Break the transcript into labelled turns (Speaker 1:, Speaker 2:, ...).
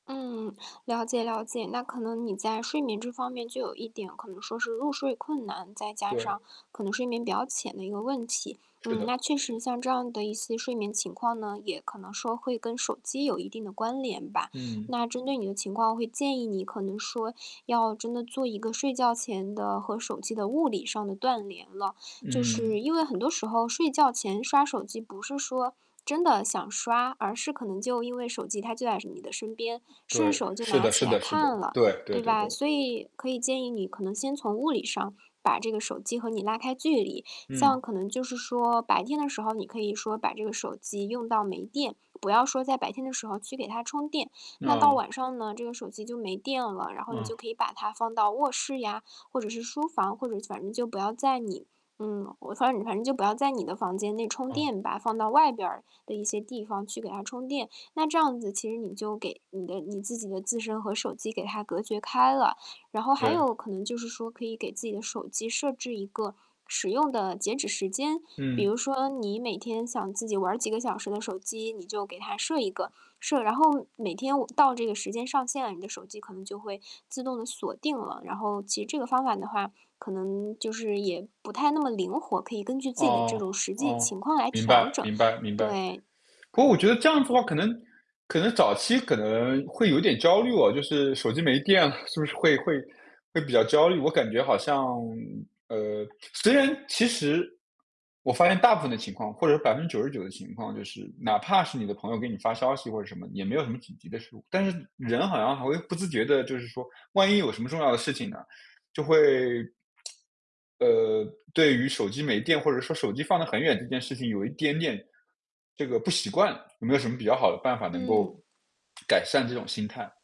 Speaker 1: 嗯，了解了解，那可能你在睡眠这方面就有一点可能说是入睡困难，再加
Speaker 2: 对。
Speaker 1: 上可能睡眠比较浅的一个问题。
Speaker 2: 是
Speaker 1: 嗯，那
Speaker 2: 的。
Speaker 1: 确实像这样的一些睡眠情况呢，也可能说会跟手机有一定的关联吧。
Speaker 2: 嗯。
Speaker 1: 那针对你的情况会建议你可能说，要真的做一个睡觉前的和手机的物理上的断连了，就
Speaker 2: 嗯。
Speaker 1: 是因为很多时候睡觉前刷手机不是说真的想刷，而是可能就因为手机它就在你的身边，顺
Speaker 2: 对。
Speaker 1: 手就
Speaker 2: 是
Speaker 1: 拿
Speaker 2: 的
Speaker 1: 起
Speaker 2: 是
Speaker 1: 来
Speaker 2: 的
Speaker 1: 来
Speaker 2: 是的，
Speaker 1: 看了，
Speaker 2: 对，对
Speaker 1: 对
Speaker 2: 对
Speaker 1: 吧？
Speaker 2: 对。
Speaker 1: 所以可以建议你可能先从物理上，把这个手机和你拉开距离，像
Speaker 2: 嗯。
Speaker 1: 可能就是说，白天的时候你可以说把这个手机用到没电，不要说在白天的时候去给它充电。那到
Speaker 2: 哦。
Speaker 1: 晚上呢这个手机就没电了，然后你就
Speaker 2: 嗯。
Speaker 1: 可以把它放到卧室呀，或者是书房，或者反正就不要在你嗯，我反正反正就不要在你的房间内充
Speaker 2: 嗯。
Speaker 1: 电吧，放到外边的一些地方去给它充电。那这样子，其实你就给你的你自己的自身和手机给它隔绝开了。然后还
Speaker 2: 对。
Speaker 1: 有可能就是说，可以给自己的手机设置一个使用的截止时间。比
Speaker 2: 嗯。
Speaker 1: 如说你每天想自己玩儿几个小时的手机，你就给它设一个，设然后每天我到这个时间上线了，你的手机可能就会自动地锁定了。然后其实这个方法的话，可能就是也不太那么灵活，可以根据自己的这
Speaker 2: 哦，
Speaker 1: 种实际
Speaker 2: 哦，
Speaker 1: 情况来
Speaker 2: 明
Speaker 1: 调
Speaker 2: 白
Speaker 1: 整。
Speaker 2: 明白明白。
Speaker 1: 对。
Speaker 2: 可我觉得这样子的话可能可能早期可能会有一点焦虑哦，就是手机没电了是不是会会会比较焦虑？我感觉好像呃，虽然其实，我发现大部分的情况或者99%的情况，就是哪怕是你的朋友给你发消息或者什么，也没有什么紧急的事务。但是人好像还会不自觉地就是说，万一有什么重要的事情呢？就会 呃，对于手机没电或者说手机放得很远这件事情有一点点这个不习惯。有没有什么比较好的办法能够
Speaker 1: 嗯。
Speaker 2: 改善这种心态？